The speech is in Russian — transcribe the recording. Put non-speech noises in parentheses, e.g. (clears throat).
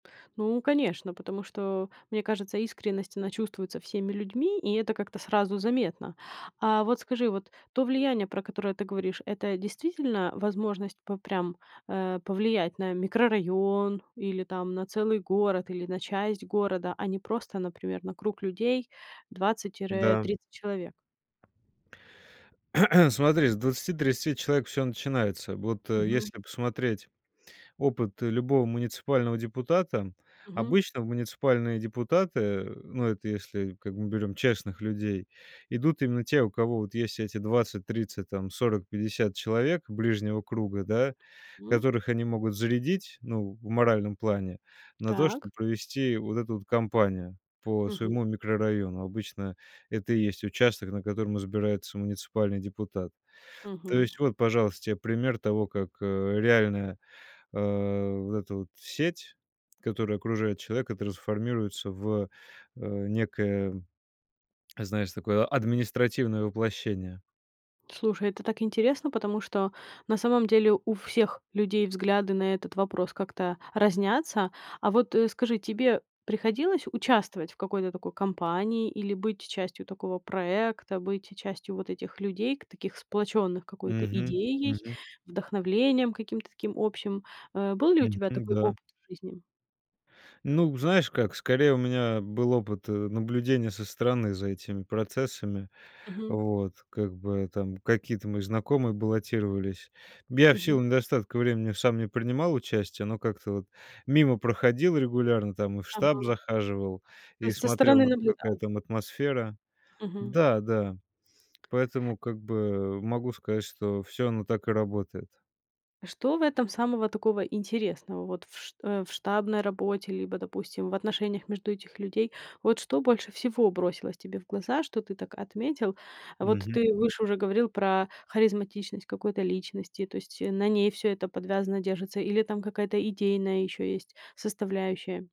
Ну, конечно, потому что, мне кажется, искренность, она чувствуется всеми людьми, и это как-то сразу заметно. А вот скажи, вот то влияние, про которое ты говоришь, это действительно возможность п прям, э, повлиять на микрорайон или там на целый город, или на часть города, а не просто, например, на круг людей 20 тире Да. 30 человек? (clears throat) Смотри, с 20-30 человек всё начинается. Вот Мгм. если посмотреть опыт любого муниципального депутата, Мгм. обычно в муниципальные депутаты, ну, это если, как бы мы берем честных людей, идут именно те, у кого вот есть эти 20-30 там, 40-50 человек ближнего круга, да, М. которых они могут зарядить, ну, в моральном плане, на то, Так. чтоб провести вот эту вот компанию по Мгм. своему микрорайону. Обычно это и есть участок, на котором избирается муниципальный депутат. То Мгм. есть вот, пожалуйста, тебе пример того, как, э, реальная, э, вот эта вот сеть, которая окружает человека, трансформируется в, э, некое, знаешь, такое административное воплощение. Слушай, это так интересно, потому что на самом деле у всех людей взгляды на этот вопрос как-то разнятся. А вот, э, скажи, тебе приходилось участвовать в какой-то такой компании или быть частью такого проекта? Быть частью вот этих людей, ка таких сплочённых какой-то Мгм. идеей, Мгм. вдохновением, каким-то таким общим? Э, был ли у Мгм. тебя такой Да. опыт в жизни? Ну знаешь, как? Скорее, у меня был опыт, э, наблюдения со стороны за этими процессами. Мгм. Вот. Как бы там какие-то мои знакомые баллотировались. Я в Мгм. силу недостатка времени сам не принимал участия, но как-то вот мимо проходил регулярно там. И в штаб Ага. захаживал, То и есть со смотрел стороны на то, какая наблюдал. там атмосфера. Мгм. Да-да, поэтому как бы могу сказать что всё оно так и работает. Что в этом самого такого интересного? Вот в ш э, в штабной работе, либо, допустим, в отношениях между этих людей. Вот что больше всего бросилось тебе в глаза, что ты так отметил? Вот Мгм. ты выше уже говорил про харизматичность какой-то личности, то есть на ней всё это подвязано, держится, или там какая-то идейная ещё есть составляющая?